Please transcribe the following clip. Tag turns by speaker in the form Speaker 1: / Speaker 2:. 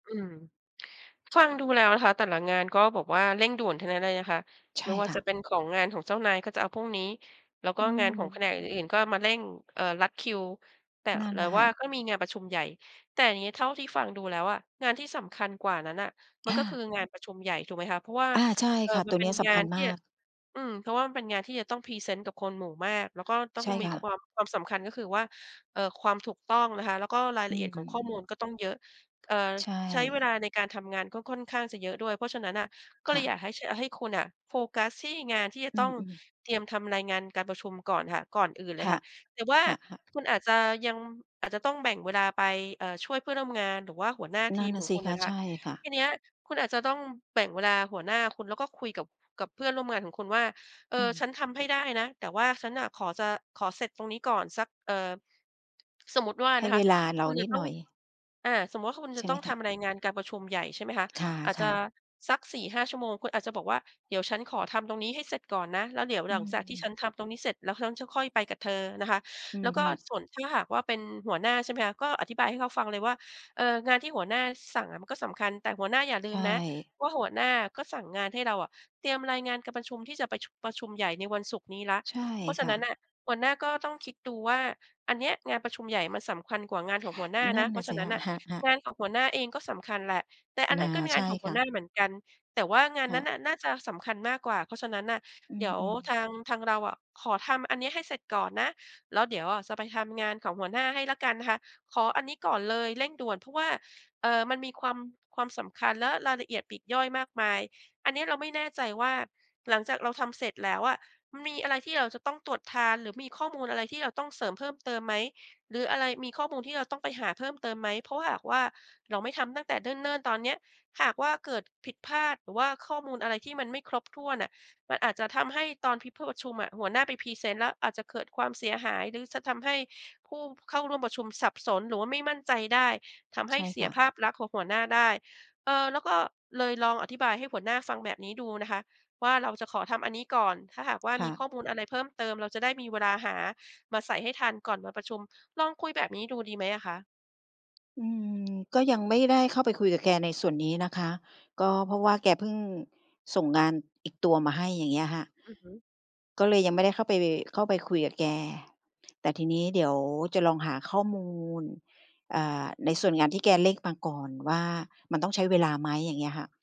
Speaker 1: อืม ฟังดูแล้วนะคะ แต่ละงานก็แบบว่าเร่งด่วนทั้งนั้นเลยนะคะ
Speaker 2: ใช
Speaker 1: ไม
Speaker 2: ่
Speaker 1: ่ว่า
Speaker 2: ค่
Speaker 1: จะ
Speaker 2: ะ
Speaker 1: เป็นของงานของเจ้านายก็จะเอาพรุ่งนี้ แล้วก
Speaker 2: อ
Speaker 1: ็
Speaker 2: ื
Speaker 1: งานของแผ
Speaker 2: ม
Speaker 1: นกอื่น ๆ ก็มาเร่ง เอ่อ ลัดคิว แต่
Speaker 2: นั่น
Speaker 1: แต่
Speaker 2: น่ะ
Speaker 1: ว
Speaker 2: ค่
Speaker 1: ่า
Speaker 2: ะ
Speaker 1: ก็มีงานประชุมใหญ่ แต่นี้เท่าที่ฟังดูแล้วอะ งานที่สำคัญกว่านั้นน่ะมั
Speaker 2: ค
Speaker 1: น
Speaker 2: ่
Speaker 1: ก็คือ
Speaker 2: ะ
Speaker 1: งานประชุมใหญ่ ถูกไหมคะ เพราะว่า
Speaker 2: อา ใช่
Speaker 1: เอ่
Speaker 2: ค
Speaker 1: อ
Speaker 2: ่ะ
Speaker 1: มั
Speaker 2: ต
Speaker 1: น
Speaker 2: ัว
Speaker 1: เป
Speaker 2: เ
Speaker 1: ็
Speaker 2: นี
Speaker 1: น
Speaker 2: ้ยส
Speaker 1: ง
Speaker 2: ำค
Speaker 1: า
Speaker 2: ั
Speaker 1: น
Speaker 2: ญ
Speaker 1: ที
Speaker 2: ม
Speaker 1: ่
Speaker 2: าก
Speaker 1: อืม เพราะว่ามันเป็นงานที่จะต้องพรีเซนต์กับคนหมู่มาก แล้วก็ต้
Speaker 2: ใ
Speaker 1: อ
Speaker 2: ช
Speaker 1: ง
Speaker 2: ่
Speaker 1: มี
Speaker 2: ค่ะ
Speaker 1: ความ ความสำคัญ ก็คือว่า เอ่อ ความถูกต้องนะคะ แล้วก็ราย
Speaker 2: อื
Speaker 1: ละเอียดของข้อมูล
Speaker 2: ม
Speaker 1: ก็ต้องเยอะ เอ่อ
Speaker 2: ใช
Speaker 1: ใช้เวล
Speaker 2: ่
Speaker 1: าในการทำงานก็ค่อนข้างจะเยอะด้วย เพราะฉะนั้น น่ะ ก็
Speaker 2: ค
Speaker 1: เล
Speaker 2: ่
Speaker 1: ยอ
Speaker 2: ะ
Speaker 1: ยากให้ ฉ ให้คุณน่ะ โฟกัสที่งานที่จะ
Speaker 2: อื
Speaker 1: ต้อง
Speaker 2: อ ๆ
Speaker 1: เตรียมทำรายงานการประชุมก่อนค่ะ ก่อนอื่นเล
Speaker 2: ค
Speaker 1: ย
Speaker 2: ่
Speaker 1: ค
Speaker 2: ะ
Speaker 1: ่ะ แต่ว่า
Speaker 2: ค่ะ ๆ
Speaker 1: คุณอาจจะยัง อาจจะต้องแบ่งเวลาไป เอ่อ ช่วยเพื่อนร่วมงาน หรือว่าหัวหน้า
Speaker 2: น
Speaker 1: ท
Speaker 2: ั
Speaker 1: ี
Speaker 2: ่น
Speaker 1: ม
Speaker 2: น่
Speaker 1: ข
Speaker 2: ะ
Speaker 1: อ
Speaker 2: ส
Speaker 1: ง
Speaker 2: ิ
Speaker 1: คุณ
Speaker 2: ค
Speaker 1: น่
Speaker 2: ะ
Speaker 1: ะนะค
Speaker 2: ใช
Speaker 1: ะ
Speaker 2: ่ค่ะ
Speaker 1: ทีเนี้ย คุณอาจจะต้องแบ่งเวลาหัวหน้าคุณ แล้วก็คุยกับ กับเพื่อนร่วมงานของคุณว่า เอ
Speaker 2: อื
Speaker 1: อ ฉ
Speaker 2: ม
Speaker 1: ันทำให้ได้นะ แต่ว่าฉันน่ะขอจะ ขอเสร็จตรงนี้ก่อน สัก เอ่อ สมมุติว่า
Speaker 2: ให
Speaker 1: น
Speaker 2: ้
Speaker 1: ะค
Speaker 2: เว
Speaker 1: ะ
Speaker 2: ลาเร
Speaker 1: ค
Speaker 2: า
Speaker 1: ุณ
Speaker 2: น
Speaker 1: จะ
Speaker 2: ิด
Speaker 1: ต้อ
Speaker 2: หน
Speaker 1: ง
Speaker 2: ่อย
Speaker 1: อ่า สมมุติว่าคุณ
Speaker 2: ใ
Speaker 1: จ
Speaker 2: ช
Speaker 1: ะ
Speaker 2: ่ไ
Speaker 1: ต
Speaker 2: ห
Speaker 1: ้
Speaker 2: ม
Speaker 1: อง
Speaker 2: ค
Speaker 1: ท
Speaker 2: ะ?
Speaker 1: ำรายงานการประชุมใหญ่ ใช่ไหมคะ
Speaker 2: ค่ะ
Speaker 1: อาจ
Speaker 2: ค
Speaker 1: จ
Speaker 2: ่
Speaker 1: ะ
Speaker 2: ะ
Speaker 1: สัก 4-5 ชั่วโมง คุณอาจจะบอกว่า "เดี๋ยวฉันขอทำตรงนี้ให้เสร็จก่อนนะ แล้วเดี๋ยว
Speaker 2: อ
Speaker 1: หลังจากที่
Speaker 2: ื
Speaker 1: ฉั
Speaker 2: ม
Speaker 1: นทำตรงนี้เสร็จ แล้วฉันจะค่อยไปกับเธอนะคะ"
Speaker 2: อื
Speaker 1: แล
Speaker 2: อ
Speaker 1: ้วก
Speaker 2: ฮ
Speaker 1: ็
Speaker 2: ึ
Speaker 1: ส่วนถ้าหากว่า เป็นหัวหน้า ใช่ไหมคะ ก็อธิบายให้เขาฟังเลยว่า เอ่อ "งานที่หัวหน้าสั่งอะมันก็สำคัญ แต่หัวหน้าอย่าล
Speaker 2: ใ
Speaker 1: ื
Speaker 2: ช
Speaker 1: มนะ
Speaker 2: ่
Speaker 1: ว่าหัวหน้าก็สั่งงานให้เราอะเตรียมรายงานการประชุมที่จะประชุ ประชุมใหญ่ในวันศุกร์นี้แล้ว
Speaker 2: ใช่
Speaker 1: เพราะฉ
Speaker 2: ค
Speaker 1: ะ
Speaker 2: ่
Speaker 1: น
Speaker 2: ะ
Speaker 1: ั้นน่ะ หัวหน้าก็ต้องคิดดูว่าอันเนี้ยงานประชุมใหญ่มันสำคัญกว่างานของหัวหน้า
Speaker 2: นั
Speaker 1: น
Speaker 2: ่
Speaker 1: ะ
Speaker 2: น
Speaker 1: เพ
Speaker 2: น
Speaker 1: ร
Speaker 2: ่
Speaker 1: า
Speaker 2: ะ
Speaker 1: ะฉ
Speaker 2: ส
Speaker 1: ะ
Speaker 2: ิ
Speaker 1: นั
Speaker 2: ค
Speaker 1: ้น
Speaker 2: ะ
Speaker 1: น่ะ
Speaker 2: ค่ะ
Speaker 1: ง
Speaker 2: ๆ
Speaker 1: านของหัวหน้าเองก็สำคัญแหละ แต่อัน
Speaker 2: น
Speaker 1: นั้
Speaker 2: า
Speaker 1: นก็ง
Speaker 2: ใ
Speaker 1: า
Speaker 2: ช
Speaker 1: น
Speaker 2: ่
Speaker 1: ของห
Speaker 2: ค
Speaker 1: ัว
Speaker 2: ่ะ
Speaker 1: หน้าเหมือนกัน แต่ว่างาน
Speaker 2: ค่
Speaker 1: นั
Speaker 2: ะ
Speaker 1: ้นน่ะน่าจะสำคัญมากกว่า เพราะฉะนั้นน่ะ
Speaker 2: อ
Speaker 1: เดี๋ยว
Speaker 2: ือ
Speaker 1: ท
Speaker 2: ๆ
Speaker 1: าง ทางเราอะ ขอทำอันเนี้ยให้เสร็จก่อนนะ แล้วเดี๋ยวอะจะไปทำงานของหัวหน้าให้แล้วกันนะคะ ขออันนี้ก่อนเลยเร่งด่วน เพราะว่า เอ่อ มันมีความ ความสำคัญและรายละเอียดปลีกย่อยมากมาย อันเนี้ยเราไม่แน่ใจว่าหลังจากเราทำเสร็จแล้วอะ มีอะไรที่เราจะต้องตรวจทาน หรือมีข้อมูลอะไรที่เราต้องเสริมเพิ่มเติมไหม หรืออะไร มีข้อมูลที่เราต้องไปหาเพิ่มเติมไหม เพราะหากว่าเราไม่ทำตั้งแต่เนิ่น ๆ ตอนเนี้ย หากว่าเกิดผิดพลาด หรือว่าข้อมูลอะไรที่มันไม่ครบ ถ้วนน่ะ มันอาจจะทำให้ตอนพี่พูดประชุมอะ หัวหน้าไปพรีเซนต์แล้ว อาจจะเกิดความเสียหาย หรือจะทำให้ผู้เข้าร่วมประชุมสับสน หรือว่าไม่มั่นใจได้ ทำให
Speaker 2: ใช
Speaker 1: ้
Speaker 2: ่
Speaker 1: เส
Speaker 2: ค
Speaker 1: ีย
Speaker 2: ่
Speaker 1: ภ
Speaker 2: ะ
Speaker 1: าพลักษณ์ของหัวหน้าได้" เอ่อ แล้วก็ เลยลองอธิบายให้หัวหน้าฟังแบบนี้ดูนะคะว่า เราจะขอทำอันนี้ก่อน ถ้าหากว่า
Speaker 2: ค
Speaker 1: ม
Speaker 2: ่
Speaker 1: ีข
Speaker 2: ะ
Speaker 1: ้อมูลอะไรเพิ่มเติม เราจะได้มีเวลาหามาใส่ให้ทัน ก่อนมาประชุม ลองคุยแบบนี้ดู ดีไหมอะคะ?
Speaker 2: อืม ก็ยังไม่ได้เข้าไปคุยกับแกในส่วนนี้นะคะ ก็เพราะว่าแกเพิ่งส่งงานอีกตัวมาให้ อย่างเงี้ยค่ะ
Speaker 1: อือฮึ
Speaker 2: ก็เลยยังไม่ได้เข้าไป เข้าไปคุยกับแก แต่ทีนี้เดี๋ยวจะลองหาข้อมูล อ่า ในส่วนงานที่แกเร่งมาก่อนว่ามันต้องใช้เวลาไหม อย่างเงี้ยค่ะ